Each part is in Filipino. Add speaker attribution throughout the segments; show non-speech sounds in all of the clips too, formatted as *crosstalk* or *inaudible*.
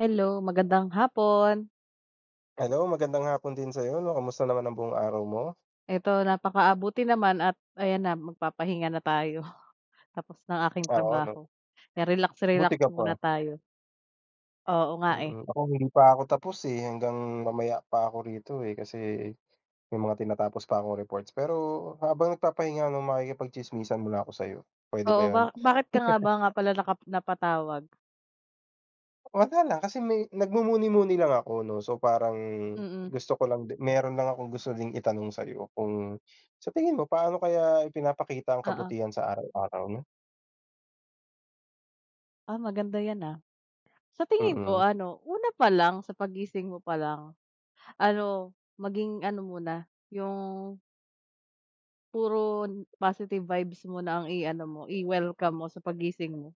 Speaker 1: Hello, magandang hapon!
Speaker 2: Hello, magandang hapon din sa'yo, kamusta naman ang buong araw mo?
Speaker 1: Eto, napaka ah, buti naman at ayan na magpapahinga na tayo. *chuckles* Tapos na aking
Speaker 2: Oo, 'no.
Speaker 1: trabaho, kaya relax-relax
Speaker 2: Buti ka
Speaker 1: muna
Speaker 2: pa.
Speaker 1: tayo. Oo nga, eh.
Speaker 2: Mm. Ako hindi pa ako tapos, eh, hanggang mamaya pa ako rito, eh, kasi may mga tinatapos pa akong reports. Pero habang nagpapahinga 'no, makikipag-tsismisan muna ako sa'yo, pwede ba
Speaker 1: Oo,
Speaker 2: yun?
Speaker 1: ba bakit ka nga
Speaker 2: *chuckles*
Speaker 1: ba, nga pala naka napatawag?
Speaker 2: Wala lang. Kasi may nagmumuni-muni lang ako 'no, so parang
Speaker 1: Mm.
Speaker 2: gusto ko lang di meron lang akong gusto ding itanong sa'yo. Kung sa tingin mo, paano kaya ipinapakita ang
Speaker 1: Oo.
Speaker 2: kabutihan sa araw-araw 'no?
Speaker 1: Ah, maganda 'yan, ah. Sa tingin ko
Speaker 2: Mm.
Speaker 1: ano, una pa lang, sa paggising mo pa lang ano, maging ano muna yung puro positive vibes muna ang i-ano mo, i-welcome mo sa paggising mo.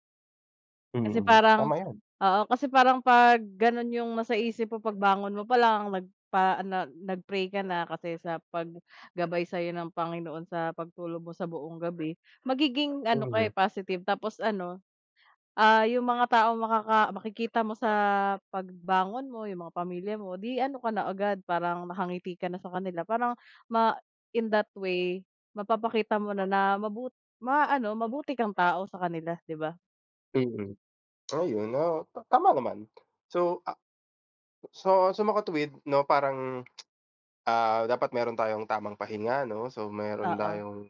Speaker 1: Kasi
Speaker 2: Mm,
Speaker 1: parang
Speaker 2: tama yun.
Speaker 1: oo, kasi parang 'pag gano'n yung nasa isip mo pagbangon mo pa lang, nagpa ah, nag nag-pray ka na kasi sa paggabay sa'yo ng Panginoon sa pagtulog mo sa buong gabi, magiging ano ka, eh,
Speaker 2: Mhm.
Speaker 1: positive. Tapos ano, ah, yung mga taong makaka makikita mo sa pagbangon mo, yung mga pamilya mo, 'di ano ka na agad, parang nakangiti ka na sa kanila para ma in that way mapapakita mo na na mabu ma-ano, mabuti kang tao sa kanila, 'di ba?
Speaker 2: Mm. Ayun. ah, tama naman. So, ah so so makatuwid 'no, parang, ah, dapat meron tayong tamang pahinga 'no. So, meron
Speaker 1: Oo.
Speaker 2: tayong,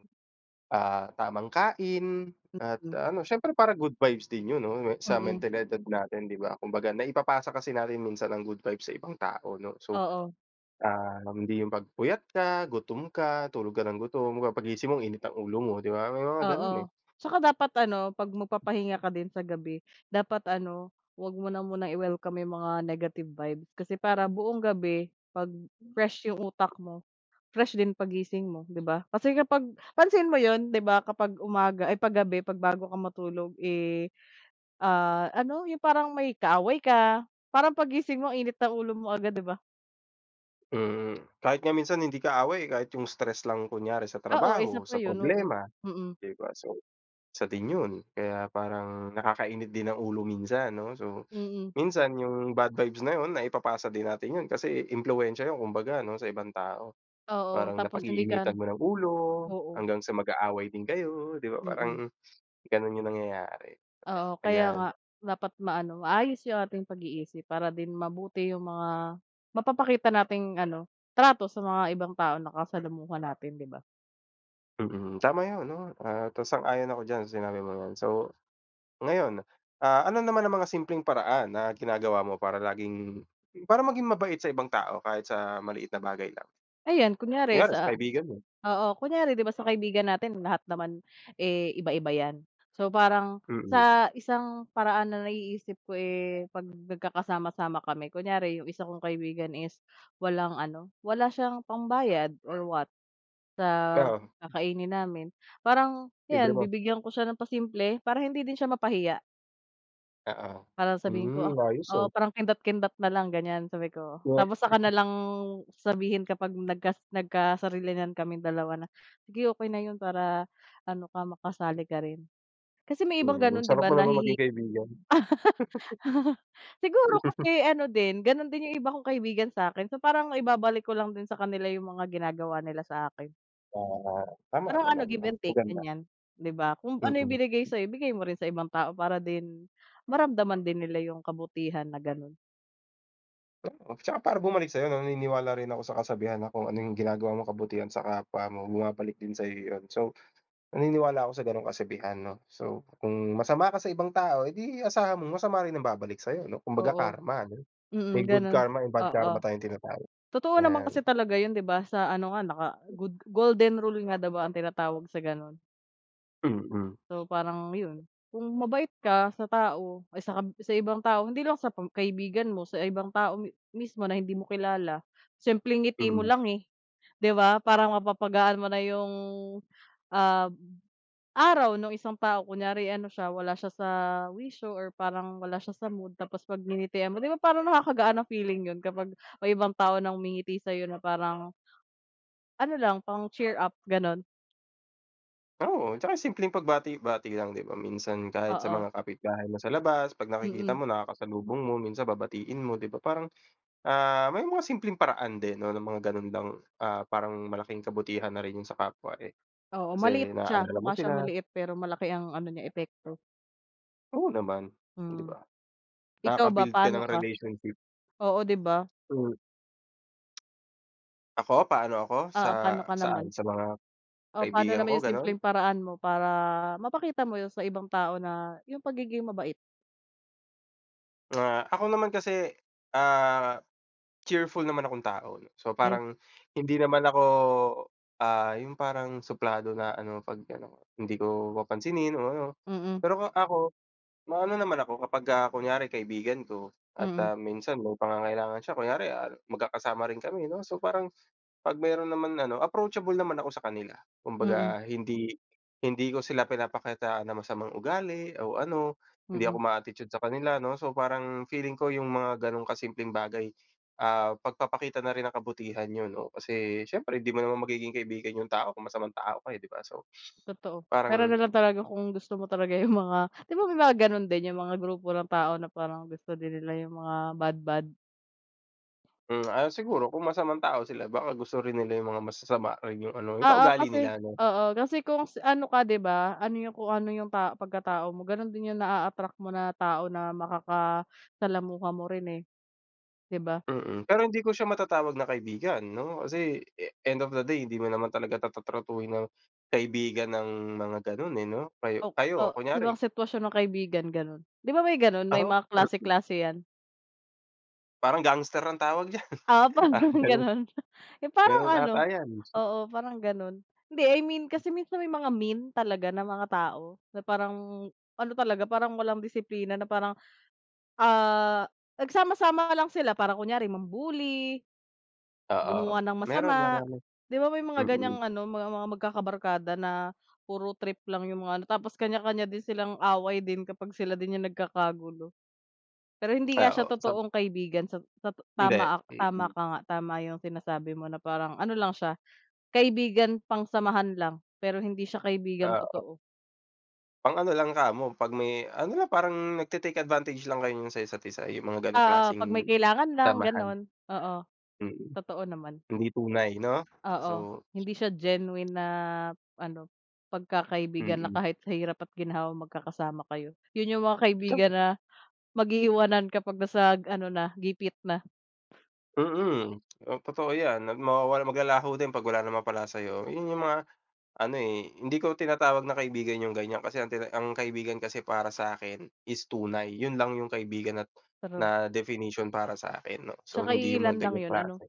Speaker 2: ah, tamang kain at
Speaker 1: Mm.
Speaker 2: ano siyempre parang good vibes din yun 'no, sa
Speaker 1: Mm.
Speaker 2: mentalidad natin, 'di ba? Kumbaga naipapasa kasi natin minsan ang good vibes sa ibang tao 'no. So,
Speaker 1: Oo.
Speaker 2: ah, hindi yung 'pag puyat ka, gutom ka, tulog ka ng gutom. 'Di ba paggising mo, init ang ulo mo, 'di ba? Oo, may mga ganun, eh.
Speaker 1: Oo, 'tsaka dapat ano, 'pag magpapahinga ka din sa gabi, dapat ano, huwag mo na munang i-welcome yung mga negative vibe. Kasi para buong gabi, 'pag fresh yung utak mo, fresh din paggising mo, 'di ba? Kasi kapag pansin mo 'yon, 'di ba? Kapag umaga, ay, 'pag gabi, 'pag bago ka matulog, eh, ah, ano, yung parang may kaaway ka, parang paggising mo, init ng ulo mo agad, 'di ba?
Speaker 2: Mm, kahit nga minsan hindi kaaway, eh, kahit yung stress lang kunyari sa
Speaker 1: Oo,
Speaker 2: trabaho,
Speaker 1: isa pa
Speaker 2: sa
Speaker 1: yun, oo.
Speaker 2: problema,
Speaker 1: Mm.
Speaker 2: 'di ba? So, isa din yun kaya parang nakakainit din ng ulo minsan 'no, so
Speaker 1: Mm.
Speaker 2: minsan yung bad vibes na 'yon, naipapasa din natin yun kasi impluwensiya 'yon kumbaga ano, sa ibang tao.
Speaker 1: Oo.
Speaker 2: Parang
Speaker 1: Tapos hindi ka ano,
Speaker 2: napag-iinitan mo ng ulo
Speaker 1: oo.
Speaker 2: hanggang sa mag-aaway din kayo 'di ba,
Speaker 1: Mm.
Speaker 2: parang ganun yung nangyayari,
Speaker 1: Oo, kaya nga.
Speaker 2: ayan.
Speaker 1: Dapat ma-ano, maayos yung ating pag-iisip para din mabuti yung mga mapapakita nating ano, trato sa mga ibang tao nakasalamuha natin, 'di ba?
Speaker 2: Mm. Tama yun, 'no, ah, tas sang-ayon ako diyan sa sinabi mong 'yan. So, ngayon, ah, ano naman ang mga simpleng paraan na ginagawa mo para laging, para maging mabait sa ibang tao kahit sa maliit na bagay lang?
Speaker 1: Ayan, kunyari
Speaker 2: Kunyare sa
Speaker 1: sa
Speaker 2: kaibigan mo?
Speaker 1: oo, kunyari 'di ba, sa kaibigan natin, lahat naman, eh, iba-iba 'yan. So, parang
Speaker 2: Mm.
Speaker 1: sa isang paraan na naiisip ko, eh, 'pag nagkakasama-sama kami kunyari yung isa kong kaibigan is walang ano, wala siyang pambayad or what, sa
Speaker 2: Oo.
Speaker 1: kakainin namin, parang
Speaker 2: Libre
Speaker 1: 'yan,
Speaker 2: mo.
Speaker 1: bibigyan ko siya ng pasimple, para hindi din siya mapahiya.
Speaker 2: Oo,
Speaker 1: Para sabihin ko,
Speaker 2: hmm,
Speaker 1: ah.
Speaker 2: ayos, ah.
Speaker 1: Oo, parang kindat-kindat na lang ganyan sabi ko.
Speaker 2: Ngek.
Speaker 1: Tapos saka na
Speaker 2: *chuckles*
Speaker 1: lang sabihin kapag nagka nagkasarilinan kaming dalawa na, "Sige, okey na 'yon para ano ka, makasali ka rin." Kasi may ibang
Speaker 2: Mm,
Speaker 1: gano'n, 'di
Speaker 2: sarap
Speaker 1: ba?
Speaker 2: mo na naman maging
Speaker 1: Nahihiya
Speaker 2: kaibigan. *chuckles*
Speaker 1: *laughs* siguro
Speaker 2: *chuckles*
Speaker 1: kasi ano din, ganun din yung iba kong kaibigan sa akin. So, parang ibabalik ko lang din sa kanila yung mga ginagawa nila sa akin.
Speaker 2: Tama, tama
Speaker 1: Parang ano,
Speaker 2: naman.
Speaker 1: give
Speaker 2: Ah,
Speaker 1: and take,
Speaker 2: maganda.
Speaker 1: ganyan. 'Di ba kung ano
Speaker 2: Mm.
Speaker 1: ibinigay sa'yo, ibigay mo rin sa ibang tao para din maramdaman din nila yung kabutihan na ganun.
Speaker 2: Tsaka para bumalik sa'yo 'no? Naniniwala rin ako sa kasabihan na, kung ano yung ginagawa mo kabutihan sa kapwa mo, bumabalik din sa'yo yun. So, naniniwala ako sa gano'ng kasabihan 'no. So, kung masama ka sa ibang tao, edi asahan mong masama rin ang babalik sa'yo, 'no? Kumbaga
Speaker 1: Oo.
Speaker 2: karma ano, may
Speaker 1: Mm,
Speaker 2: good
Speaker 1: ganun.
Speaker 2: karma, may bad karma
Speaker 1: Oo,
Speaker 2: tayong tinatawag.
Speaker 1: totoo naman kasi
Speaker 2: 'Yan.
Speaker 1: talaga yun, 'di ba? Sa ano nga, naka good golden rule nga ba ang tinatawag sa ganun?
Speaker 2: Mm.
Speaker 1: So, parang 'yon. Kung mabait ka sa tao, ah, sa kab sa ibang tao, hindi lang sa pam kaibigan mo, sa ibang tao mi mismo na hindi mo kilala, simpleng ngiti mo
Speaker 2: Hmm.
Speaker 1: lang, eh, 'di ba, parang mapapagaan mo na yung, ah, araw nung isang tao. Kunyari ano siya, wala siya sa wisyo or parang wala siya sa mood tapos 'pag nginitian mo, 'di ba parang nakakagaan ng feeling 'yon kapag may ibang tao na ngumingiti sa'yo na parang ano lang, pang-cheer up, gano'n.
Speaker 2: Oo, 'tsaka simpleng pagbati-bati lang, 'di ba? Minsan kahit sa
Speaker 1: Oo.
Speaker 2: mga kapitbahay mo sa labas, 'pag nakikita
Speaker 1: Mm.
Speaker 2: mo, nakakasalubong mo, minsan babatiin mo, 'di ba? Parang, ah, may mga simpleng paraan din 'no, ng mga ganun lang, ah, parang malaking kabutihan na rin yun sa kapwa, eh,
Speaker 1: Oo, maliit
Speaker 2: kasi
Speaker 1: siya.
Speaker 2: naalala mo
Speaker 1: Mukha siyang
Speaker 2: sila.
Speaker 1: maliit pero malaki ang ano niya, epekto.
Speaker 2: Oo naman, o 'di
Speaker 1: Mm.
Speaker 2: ba?
Speaker 1: Ikaw ba,
Speaker 2: Nakaka-build ka
Speaker 1: paano
Speaker 2: ng
Speaker 1: ka?
Speaker 2: relationship.
Speaker 1: Oo, 'di ba?
Speaker 2: Hmm. Ako, paano ako? Sa
Speaker 1: Oo, paano ka
Speaker 2: saan?
Speaker 1: naman?
Speaker 2: Sa mga
Speaker 1: O pa'no
Speaker 2: kaibigan
Speaker 1: naman
Speaker 2: ko,
Speaker 1: yung
Speaker 2: gano'n?
Speaker 1: simpleng paraan mo, para mapakita mo yung sa ibang tao na yung pagiging mabait?
Speaker 2: Ah, ako naman kasi, ah, cheerful naman akong tao 'no. So,
Speaker 1: 'Ge.
Speaker 2: parang hindi naman ako, ah, yung parang suplado na ano, 'pag ano hindi ko papansinin o ano.
Speaker 1: Mm.
Speaker 2: Pero o ako, maano naman ako kapagka kunyari kaibigan ko at,
Speaker 1: Mm.
Speaker 2: ah, minsan may pangangailangan siya, kunyari, ah, magkakasama rin kami 'no, so parang 'pag meron naman ano, approachable naman ako sa kanila.
Speaker 1: Mm.
Speaker 2: Kumbaga, hindi hindi ko sila pinapakitaan ng masamang ugali o ano, hindi ako
Speaker 1: Mm.
Speaker 2: ma-attitude sa kanila 'no, so parang feeling ko, yung mga gano'ng kasimpleng bagay, ah, pagpapakita na rin ng kabutihan yun, oo. Kasi siyempre, hindi mo naman magiging kaibigan yung tao, kung masamang tao ka, eh, 'di ba? So,
Speaker 1: Totoo. Puwera
Speaker 2: parang
Speaker 1: na lang talaga kung gusto mo talaga yung mga, 'di ba may mga ganun din? Yung mga grupo ng tao na parang gusto din nila yung mga bad bad.
Speaker 2: Hmm, ah, siguro kung masamang tao sila, baka gusto rin nila yung mga masasama or yung ano,
Speaker 1: Oo,
Speaker 2: kaugali
Speaker 1: kasi
Speaker 2: nila 'no?
Speaker 1: oo, kasi kung s ano ka, 'di ba? Ano yung kung ano yung pa pagkatao mo, ganun din yung na-attract mo na tao na makakasalamuha mo rin, eh, 'di ba?
Speaker 2: Mm. Pero hindi ko siya matatawag na kaibigan, 'no. Kasi e end of the day, hindi mo naman talaga ta ta-tratuhin ng kaibigan ng mga ganun, eh, 'no. Kayo
Speaker 1: O o
Speaker 2: kayo kunyari
Speaker 1: ibang sitwasyon ng kaibigan, ganun. 'Di ba, may ganun? May
Speaker 2: Ako,
Speaker 1: mga
Speaker 2: part din.
Speaker 1: klase-klase 'yan.
Speaker 2: Parang gangster ang tawag diyan,
Speaker 1: Ah,
Speaker 2: *chuckles*
Speaker 1: parang
Speaker 2: parang ganun.
Speaker 1: ganun, yung parang
Speaker 2: Ganun
Speaker 1: ano
Speaker 2: ata 'yan.
Speaker 1: oo, parang ganun. Hindi, I mean kasi minsan may mga mean talaga na mga tao. Na parang ano talaga, parang walang disiplina na parang, ah, nagsama-sama lang sila para kunyari mam-bully
Speaker 2: Oo.
Speaker 1: gumawa ng
Speaker 2: Meron,
Speaker 1: masama,
Speaker 2: marami.
Speaker 1: 'di ba may mga ganyang
Speaker 2: Mm.
Speaker 1: ano, ma mga magkakabarkada na puro trip lang yung mga ano, tapos kanya-kanya din silang away din kapag sila din yung nagkakagulo. Pero hindi nga
Speaker 2: Ah,
Speaker 1: siya
Speaker 2: oo. Sab
Speaker 1: totoong kaibigan sa ta
Speaker 2: Hindi,
Speaker 1: tama ako,
Speaker 2: fake
Speaker 1: tama
Speaker 2: 'no.
Speaker 1: ka nga, tama yung sinasabi mo na parang ano lang siya, kaibigan pangsamahan lang, pero hindi siya kaibigan
Speaker 2: Ah, oo.
Speaker 1: totoo.
Speaker 2: Pang ano lang kamo, 'pag may ano lang, parang nagte-take advantage lang kayo niyan sa isa't isa, yung mga gano'ng
Speaker 1: Oo, 'pag may
Speaker 2: klaseng
Speaker 1: kailangan
Speaker 2: samahan. Mm. Hindi
Speaker 1: lang,
Speaker 2: tunay, 'no. So
Speaker 1: gano'n. Oo,
Speaker 2: Mm.
Speaker 1: totoo naman.
Speaker 2: Hindi tunay, 'no?
Speaker 1: Oo.
Speaker 2: So
Speaker 1: Hindi siya genuine na ano, pagkakaibigan na
Speaker 2: Mm.
Speaker 1: kahit sa hirap at ginhawa magkakasama kayo. Yun yung mga
Speaker 2: Tama.
Speaker 1: kaibigan na mag-iiwanan, kapag nasa ano na, gipit na.
Speaker 2: Mm. O, totoo 'yan at mawawala, maglalaho din 'pag wala na mapala sa'yo, yung mga ano, eh, hindi ko tinatawag na kaibigan yung ganyan kasi ang tina ang kaibigan kasi para sa akin, is tunay, yun lang yung kaibigan na na
Speaker 1: True.
Speaker 2: definition para sa akin, 'no. So,
Speaker 1: Tsaka
Speaker 2: hindi yung
Speaker 1: iilan
Speaker 2: mga
Speaker 1: lang
Speaker 2: ganyang
Speaker 1: yun, ano?
Speaker 2: klase.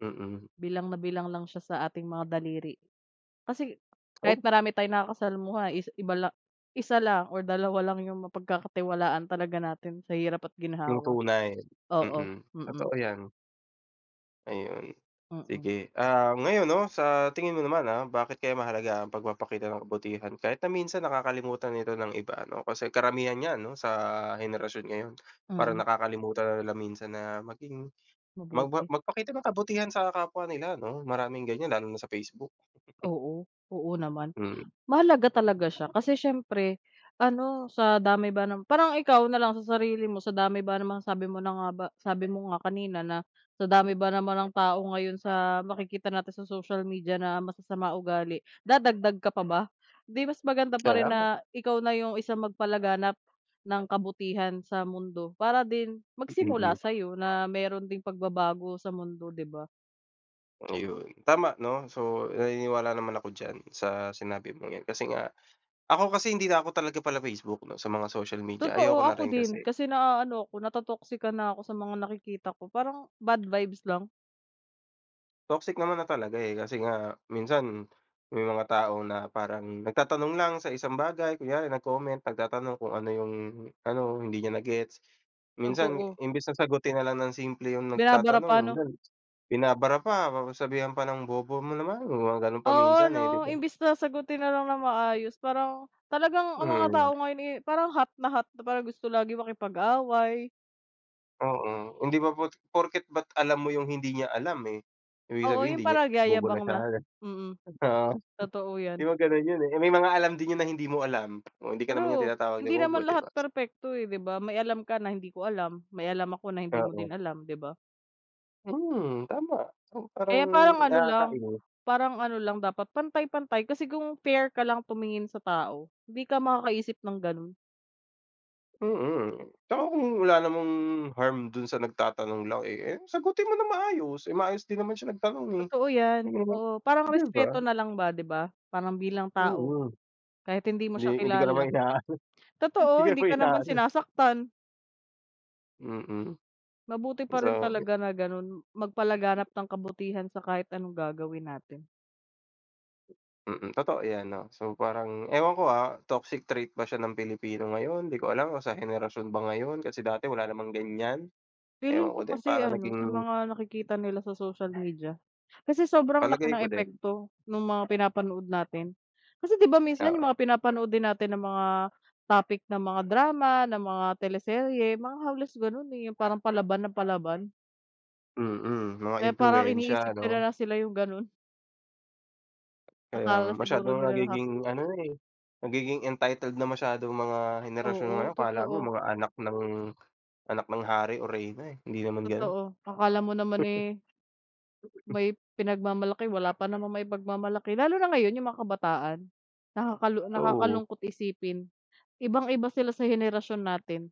Speaker 2: Mm.
Speaker 1: Bilang na bilang lang siya sa ating mga daliri. Kasi,
Speaker 2: Oh.
Speaker 1: kahit marami tayong nakakasalamuha is iba lang, isa lang or dalawa lang yung mapagkakatiwalaan talaga natin sa hirap at
Speaker 2: Yung
Speaker 1: ginhawa.
Speaker 2: tunay,
Speaker 1: Oo,
Speaker 2: mm.
Speaker 1: mm.
Speaker 2: Totoo 'yan. Ayun.
Speaker 1: Mm.
Speaker 2: Sige, ah, ngayon 'no, sa tingin mo naman, ah, bakit kaya mahalaga ang pagpapakita ng kabutihan, kahit na minsan nakakalimutan ito ng iba, 'no. Kasi karamihan niyan ano, sa henerasyon ngayon, parang
Speaker 1: Mm.
Speaker 2: nakakalimutan na nila minsan na maging magba
Speaker 1: Mabuti.
Speaker 2: magpakita ng kabutihan sa kapwa nila 'no. Maraming ganyan lalo na sa facebook. *chuckles*
Speaker 1: Oo, oo naman.
Speaker 2: Mm.
Speaker 1: Mahalaga talaga siya kasi siyempre ano, sa dami ba ng parang ikaw na lang sa sarili mo sa dami ba naman sabi mo na nga ba sabi mo nga kanina, na sa dami ba naman ng tao ngayon sa makikita natin sa social media na masasama ugali, dadagdag ka pa ba? 'Di mas maganda pa rin
Speaker 2: Sayaw.
Speaker 1: na ikaw na yung isang magpalaganap ng kabutihan sa mundo, para din magsimula
Speaker 2: Mhm.
Speaker 1: sa'yo na meron ding pagbabago sa mundo, 'di ba?
Speaker 2: Ayun, tama 'no. So, naniniwala naman ako diyan sa sinabi mong 'yan. Kasi nga, ako kasi, hindi na ako talaga pala-facebook 'no, sa mga social media,
Speaker 1: Totoo,
Speaker 2: ayoko na
Speaker 1: ako
Speaker 2: rin
Speaker 1: din
Speaker 2: kasi.
Speaker 1: kasi naaano ako, nato-toxican na ako sa mga nakikita ko, parang bad vibes lang.
Speaker 2: Toxic naman na talaga, eh. Kasi nga, minsan may mga tao na parang nagtatanong lang sa isang bagay, kunyari nag-comment, nagtatanong kung ano yung ano, hindi niya na-gets, minsan
Speaker 1: Totoo.
Speaker 2: imbes na sagutin na lang ng simple yung
Speaker 1: Binabara
Speaker 2: nagtatanong,
Speaker 1: pa ano?
Speaker 2: minsan binabara pa tapos sasabihan pa ng, "Bobo mo naman." Yung mga ganun pa minsan,
Speaker 1: Oo,
Speaker 2: eh, 'di
Speaker 1: 'no,
Speaker 2: ba?
Speaker 1: imbes na sagutin na lang ng maayos, parang talagang ang mga
Speaker 2: Mm.
Speaker 1: tao ngayon, eh, parang hot na hot, na parang gusto lagi makipag-away.
Speaker 2: Oo. Hindi ba pot porket ba't alam mo yung hindi niya alam, eh, ibig
Speaker 1: Oo,
Speaker 2: sabihin
Speaker 1: yun
Speaker 2: hindi niya
Speaker 1: pala
Speaker 2: bobo na
Speaker 1: nagyayabang
Speaker 2: siya.
Speaker 1: na. Mm,
Speaker 2: Oo,
Speaker 1: totoo
Speaker 2: 'di
Speaker 1: 'yan.
Speaker 2: ba ganun yun, eh. May mga alam din yun na hindi mo alam. Oo, hindi ka naman niya
Speaker 1: True,
Speaker 2: tinatawag na
Speaker 1: hindi naman
Speaker 2: bobo, 'di
Speaker 1: lahat
Speaker 2: ba?
Speaker 1: perpekto, eh, 'di ba? May alam ka na hindi ko alam, may alam ako na hindi mo
Speaker 2: Oo.
Speaker 1: din alam, 'di ba?
Speaker 2: Hmm, tama! So, parang
Speaker 1: Kaya parang ano lang
Speaker 2: nakakainis.
Speaker 1: parang ano lang, dapat pantay-pantay kasi kung fair ka lang tumingin sa tao, hindi ka makakaisip ng ganun.
Speaker 2: Mm. 'Tsaka kung wala namang harm dun sa nagtatanong lang, eh, eh, sagutin mo ng maayos. Eh, maayos din naman siya nagtanong, eh,
Speaker 1: Totoo 'yan.
Speaker 2: mm,
Speaker 1: Oo, parang
Speaker 2: 'di ba?
Speaker 1: respeto na lang ba, 'di ba, parang bilang tao.
Speaker 2: Mm.
Speaker 1: Kahit hindi mo
Speaker 2: Hindi
Speaker 1: siya
Speaker 2: hindi ka naman
Speaker 1: kilala.
Speaker 2: ina-ano, hindi ka
Speaker 1: Totoo, hindi
Speaker 2: naman
Speaker 1: ka naman
Speaker 2: ina-ano.
Speaker 1: sinasaktan.
Speaker 2: Mm.
Speaker 1: Mabuti pa rin
Speaker 2: So
Speaker 1: talaga na ganun, magpalaganap ng kabutihan sa kahit anong gagawin natin.
Speaker 2: Mm. Totoo 'yan 'no, so parang ewan ko, ah, toxic trait ba siya ng Pilipino ngayon? 'Di ko alam kung sa henerasyon ba ngayon? Kasi dati wala namang ganyan, ewan
Speaker 1: Feeling
Speaker 2: ko
Speaker 1: ko
Speaker 2: din
Speaker 1: kasi
Speaker 2: parang
Speaker 1: ano, sa
Speaker 2: naging
Speaker 1: mga nakikita nila sa social media. Kasi sobrang laki
Speaker 2: Palagay
Speaker 1: ng
Speaker 2: ko din.
Speaker 1: epekto nung mga pinapanood natin. Kasi 'di ba, minsan
Speaker 2: Oo.
Speaker 1: yung mga pinapanood din natin na mga topic na mga drama, ng mga teleserye, mga halos ganun, eh, yung parang palaban na palaban.
Speaker 2: Mm. Mga
Speaker 1: Kaya parang
Speaker 2: impluwensya,
Speaker 1: iniisip nila
Speaker 2: ano?
Speaker 1: na sila yung ganun.
Speaker 2: Kaya nga.
Speaker 1: Akala siguro
Speaker 2: Masyadong
Speaker 1: nila naka
Speaker 2: nagiging ano na, eh, nagiging entitled na masyado'ng mga henerasyon
Speaker 1: Oo,
Speaker 2: ngayon, 'kala mo
Speaker 1: totoo.
Speaker 2: mga anak ng anak ng hari o reyna, eh. Hindi naman ganun.
Speaker 1: Totoo. Akala mo naman,
Speaker 2: *chuckles*
Speaker 1: eh
Speaker 2: *chuckles*
Speaker 1: may pinagmamalaki. Wala pa namang maipagmamalaki. Lalo na ngayon, yung mga kabataan nakakalu
Speaker 2: Oo.
Speaker 1: nakakalungkot isipin. Ibang-iba sila sa henerasyon natin.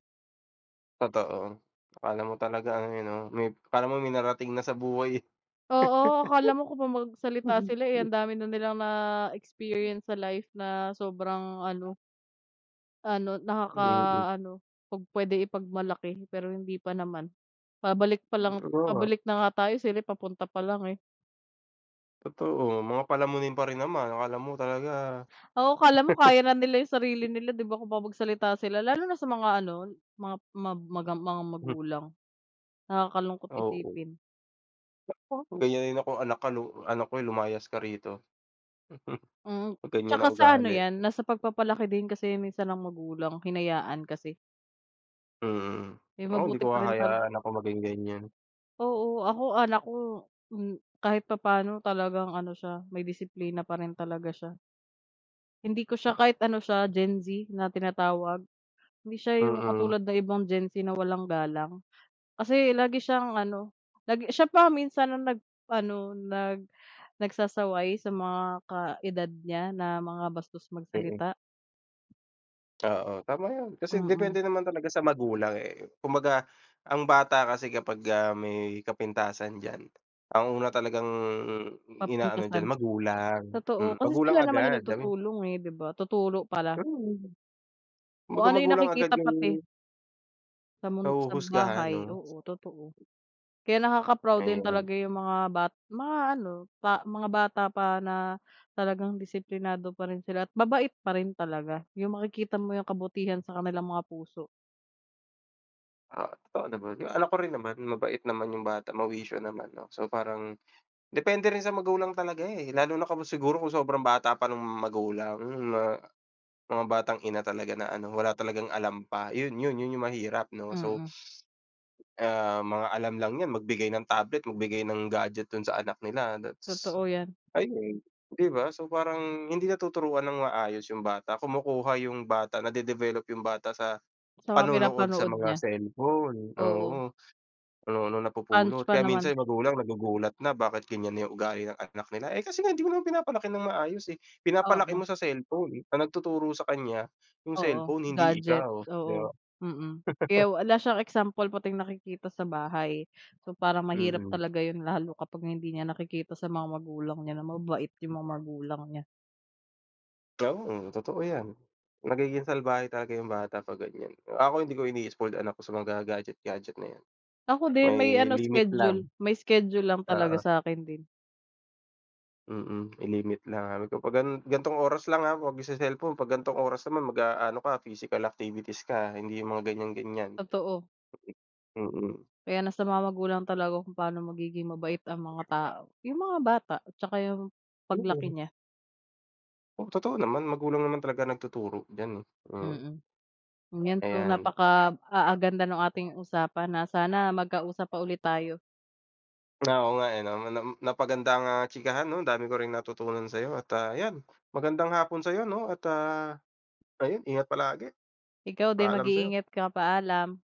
Speaker 2: Totoo. Akala mo talagang 'yon, eh, may parang may narating na sa buhay, eh.
Speaker 1: Oo, akala mo kung 'pag magsalita sila, eh,
Speaker 2: *chuckles*
Speaker 1: ang dami na nilang na-experience sa life na sobrang ano ano,
Speaker 2: Mm.
Speaker 1: nakaka-ano 'pag pwede ipagmalaki pero hindi pa naman. Pabalik pa lang,
Speaker 2: Oo nga.
Speaker 1: pabalik na nga tayo, eh, sila'y papunta pa lang, eh.
Speaker 2: Totoo. Mga palamunin pa rin naman, akala mo talaga.
Speaker 1: Oo, 'kala mo kaya na nila yung sarili nila, 'di ba, kung magsalita sila. Lalo na sa mga ano, mga ma maga mga
Speaker 2: Hmm.
Speaker 1: magulang. Nakakalungkot
Speaker 2: Oo.
Speaker 1: isipin.
Speaker 2: Naku, kung ganyan din akong anak ka lu anak ko yun lumayas ka rito. *chuckles*
Speaker 1: Mm,
Speaker 2: 'Pag ganyan
Speaker 1: tsaka
Speaker 2: ang
Speaker 1: sa ano
Speaker 2: ugali.
Speaker 1: 'yan, nasa pagpapalaki din kasi 'yan minsan ng magulang, hinayaan kasi.
Speaker 2: Mm.
Speaker 1: Eh,
Speaker 2: Naku, hindi
Speaker 1: mabuti
Speaker 2: ko
Speaker 1: pa rin pala.
Speaker 2: hahayaan anak ko maging ganyan.
Speaker 1: Oo, ako anak ko, um, kahit papaano talagang ano siya, may disiplina pa rin talaga siya. Hindi ko siya kahit ano siya, Gen-Z na tinatawag, hindi siya yung
Speaker 2: Mm.
Speaker 1: katulad ng ibang Gen-Z na walang galang. Kasi lagi siyang ano, lagi siya pa ang minsan nag ano, nag nagsasaway sa mga kaedad niya na mga bastos
Speaker 2: Mm.
Speaker 1: magsalita.
Speaker 2: Oo, tama 'yan. Kasi
Speaker 1: Mm.
Speaker 2: depende naman talaga sa magulang, eh. Kumbaga ang bata kasi kapag, ah, may kapintasan diyan, ang una talagang ina-ano diyan,
Speaker 1: Mapintasan.
Speaker 2: magulang.
Speaker 1: Totoo,
Speaker 2: Hmm,
Speaker 1: kasi
Speaker 2: magulang
Speaker 1: sila naman
Speaker 2: agad.
Speaker 1: yung nagtutulong, eh, 'di ba? Tuturo pala.
Speaker 2: Hmm!
Speaker 1: O,
Speaker 2: Kumbaga
Speaker 1: ano yung
Speaker 2: magulang agad
Speaker 1: nakikita
Speaker 2: yung
Speaker 1: pati. Sa mun sa
Speaker 2: Nahuhusgahan
Speaker 1: bahay,
Speaker 2: 'no?
Speaker 1: oo, totoo. Kaya nakaka-proud din
Speaker 2: Ayan.
Speaker 1: talaga yung mga bat mga ano, pa mga bata pa na talagang disiplinado pa rin sila at mabait pa rin talaga, yung makikita mo yung kabutihan sa kanilang mga puso.
Speaker 2: Oo, totoo naman. Yung anak ko rin naman, mabait naman yung bata, mawisyo naman, 'no. So, parang depende rin sa magulang talaga, eh. Lalo na kung siguro, kung sobrang bata pa nung magulang na mga batang ina talaga na ano, wala talagang alam pa. Yun yun yun yung mahirap 'no. So
Speaker 1: Mm.
Speaker 2: ah, mga alam lang n'yan, magbigay ng tablet, magbigay ng gadget dun sa anak nila, that's
Speaker 1: Totoo 'yan.
Speaker 2: ayun, 'di ba? So, parang hindi natuturuan ng maayos yung bata, kumukuha yung bata, nade-develop yung bata sa
Speaker 1: Sa mga
Speaker 2: panonood sa
Speaker 1: pinapanood
Speaker 2: mga
Speaker 1: niya,
Speaker 2: cellphone,
Speaker 1: oo.
Speaker 2: oo, kung ano-anong
Speaker 1: College
Speaker 2: napupulot.
Speaker 1: pa
Speaker 2: Kaya minsan,
Speaker 1: naman.
Speaker 2: yung magulang, nagugulat na bakit ganyan na ugali ng anak nila. Eh, kasi nga, hindi mo naman pinapalaki ng maayos, eh. Pinapalaki
Speaker 1: Oo.
Speaker 2: mo sa cellphone, ang nagtuturo sa kanya, yung
Speaker 1: Oo,
Speaker 2: cellphone, hindi
Speaker 1: gadget.
Speaker 2: ikaw. 'Di
Speaker 1: Oo,
Speaker 2: ba?
Speaker 1: mm,
Speaker 2: *chuckles*
Speaker 1: kaya wala siyang example, pati yung nakikita sa bahay. So, parang mahirap
Speaker 2: Mm.
Speaker 1: talaga 'yon lalo, kapag hindi niya nakikita sa mga magulang niya, na mabait yung mga magulang niya.
Speaker 2: Tama, totoo 'yan. Magiging salbahe talaga yung bata 'pag ganyan. Kung ako, hindi ko ini-spoiled anak ko sa mga gadget-gadget na 'yan,
Speaker 1: Ako din
Speaker 2: may
Speaker 1: may ano,
Speaker 2: limit lang.
Speaker 1: schedule. May schedule lang talaga
Speaker 2: Oo.
Speaker 1: sa akin, din.
Speaker 2: Mm. May limit na ano to, 'pag ano, "Gantong oras lang, ha, 'wag magce-cellphone. 'Pag gan'tong oras naman, mag-aano ka, physical activities ka, ha, hindi yung mga ganyan-ganyan."
Speaker 1: Totoo.
Speaker 2: Hmm, mm.
Speaker 1: Kaya nasa mga magulang talaga kung paano magiging mabait ang mga tao, yung mga bata, tsaka yung
Speaker 2: Mm.
Speaker 1: paglaki niya.
Speaker 2: Oo. Totoo naman, magulang naman talaga nagtuturo diyan, eh. Mm.
Speaker 1: Mm. 'Yan. So,
Speaker 2: Ayan.
Speaker 1: napaka ah, ganda ng ating usapan na sana magkausap pa ulit tayo.
Speaker 2: Ah, oo nga, eh, 'no, Nam napakaganda ang, ah, chikahan 'no, dami ko ring natutunan sa'yo at, ah, 'yan, magandang hapon sa'yo 'no, at, ah, ayun, ingat palagi.
Speaker 1: Ikaw din,
Speaker 2: Paalam sa'yo.
Speaker 1: mag-iingat ka, paalam!